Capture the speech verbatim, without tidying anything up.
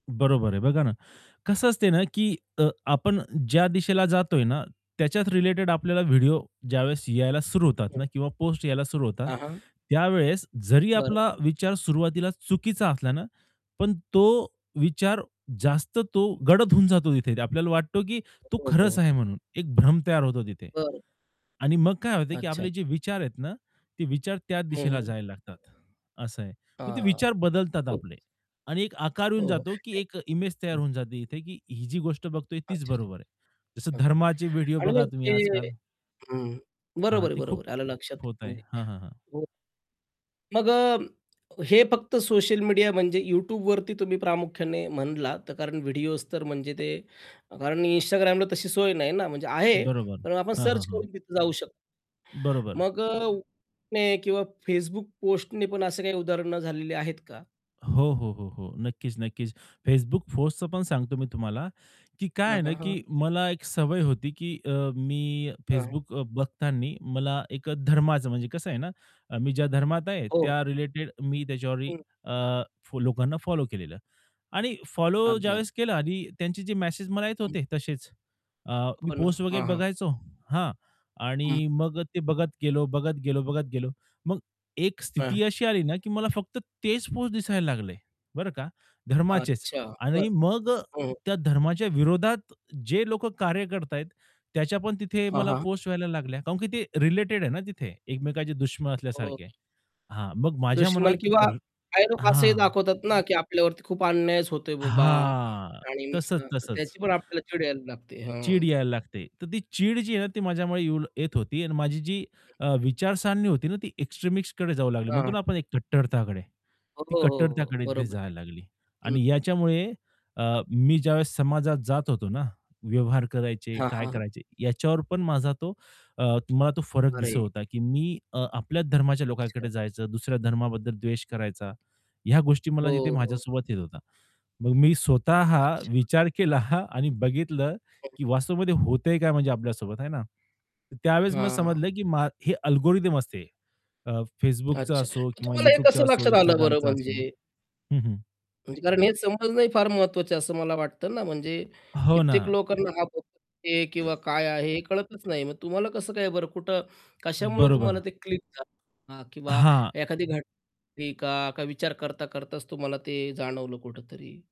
बरोबर आहे बघा ना, कसं असते ना की अ, आपण ज्या दिशेला जातोय ना, त्याच्याच रिलेटेड आपल्याला व्हिडिओ ज्यावेळेस यायला सुरू होतात हं. ना. किंवा पोस्ट यायला सुरु होतात. हां, हां. त्यावेळेस जरी बरं. आपला विचार सुरुवातीला चुकीचा असला ना, पण तो विचार जास्त तो गडद होऊन जातो तिथे आपल्याला वाटतो की तो हो, खरंच आहे हो. म्हणून एक भ्रम तयार होतो तिथे. बरं. आणि मग काय होत की आपले अच्छा-अच्छा. जे विचार आहेत ना, ते विचार त्या हं, दिशेला हं. जायला लागतात. असं आहे. मग ते हां. विचार बदलतात प आपले आणि एक आकार येऊन हो, जातो की एक इमेज तयार हो. होऊन जाते इथे की ही जी गोष्ट बघतोय तीच अच्छा-अच्छा. बरोबर आहे. जसं हां. धर्माचे व्हिडिओ आणि बघा मग तुम्ही ते आज-काल. हं, हां, बरोबर आहे, ते खूप बरोबर आहे आलं लक्षात. होत आहे. म्हणजे हां, हां, हां. हं. मग अ, हे फक्त सोशल मीडिया म्हणजे YouTubeवरती तुम्ही प्रामुख्याने म्हणलात, तर कारण व्हिडिओज तर म्हणजे ते कारण Instagramला तशी सोय नाही ना, म्हणजे आहे. बरोबर, पण आपण हां, हां, सर्च हां. करून तिथे जाऊ शकतो. बरोबर. मग अ, [unintelligible] किंवा Facebook पोस्टने पण असे काही उदाहरण झालेली आहेत का? हो, हो, हो, हो. नक्कीच, नक्कीच. Facebook पोस्टच पण सांगतो मी तुम्हाला की काय हां, आहे ना, हां, की हां. मला एक सवय होती की अ, मी हां. Facebook अ, बघताना मला एक अ, धर्माचं म्हणजे कसं आहे ना, मी ज्या धर्मात आहे हो. त्या रिलेटेड मी त्याच्यावर हं. अ, फो लोकांना फॉलो केलेलं. आणि फॉलो अगदी, अगदी. ज्यावेळेस केला आणि त्यांचे जे मेसेज मला येत हं. होते तसेच, अ, मी हो ना. पोस्ट वगैरे हां, हां. बघायचो हां, हं. आणि मग ते बघत गेलो, बघत गेलो बघत गेलो. मग एक हां. स्थिती अशी आली ना की मला फक्त तेच पोस्ट दिसायला लागले बरं का धर्माचेच अच्छा. बरं. आणि मग अ, हं. त्या धर्माच्या विरोधात जे लोक कार्य करताहेत त्याच्या पण तिथे हां, मला हां. पोस्ट व्हायला लागल्या. काऊन की ते रिलेटेड आहे ना तिथे एकमेकांचे दुश्मन हो. असल्यासारखे आहे. [unintelligible] हां, मग माझ्या दुष्मन मनात किंवा रा काही लोकं असंही हां. दाखवतात ना, की आपल्यावरती खूप अन्यायच होतोय बाबा हां, आणि तसंच, मग तसंच. त्याची पण आपल्याला चिड यायला लागते. हां. चीड यायला लागते. तर ती चीड जी आहे ना, ती माझ्यामुळे येऊ येत होती आणि माझी जी [unintelligible] अ, विचारसरणी होती ना, ती एक्सट्रीमिस्टकडे जाऊ लागली म्हणतो हां. ना, आपण एक कट्टरताकडे हो, ती हो, हो. कट्टरताकडे तिथे बरोबर जायला [unintelligible] लागली. आणि हं. याच्यामुळे अ, हां. मी ज्यावेळेस समाजात जात होतो ना व्यवहार करायचे, हां, हां, काय हां. करायचे याच्यावर पण माझा तो अ, मला तो फरक अरे! दिसत होता की मी अ, आपल्या धर्माच्या अच्छा. लोकांकडे जायचं, दुसऱ्या धर्माबद्दल द्वेष करायचा, ह्या गोष्टी मला हो, तिथे हो. माझ्यासोबत येत होत्या. मग मी स्वतः अच्छा. विचार केला आणि बघितलं हं. की वास्तवामध्ये होतंय काय म्हणजे आपल्यासोबत है ना. त्यावेळेस मग हां. समजलं की मा हे अल्गोरिदम असते. अ, Facebookचं अच्छा. असो मग किंवा तुम्हाला हे YouTubeच कसं असो, लक्षात आलं बरं Instagramचा असो. म्हणजे हं, हं. म्हणजे कारण हे समजणं फार महत्त्वाचं आहे, असं मला वाटतं ना, म्हणजे हो ना. कित्येक लोकांना हां, हे किंवा काय आहे हे कळतच नाही मग तुम्हाला कसं काय बरं कुठं, कशामुळं तुम्हाला बरोबर. ते क्लिक झालं. हां. किंवा हां. एखादी घटना का विचार करता करताच तुम्हाला ते जाणवलं कुठेतरी.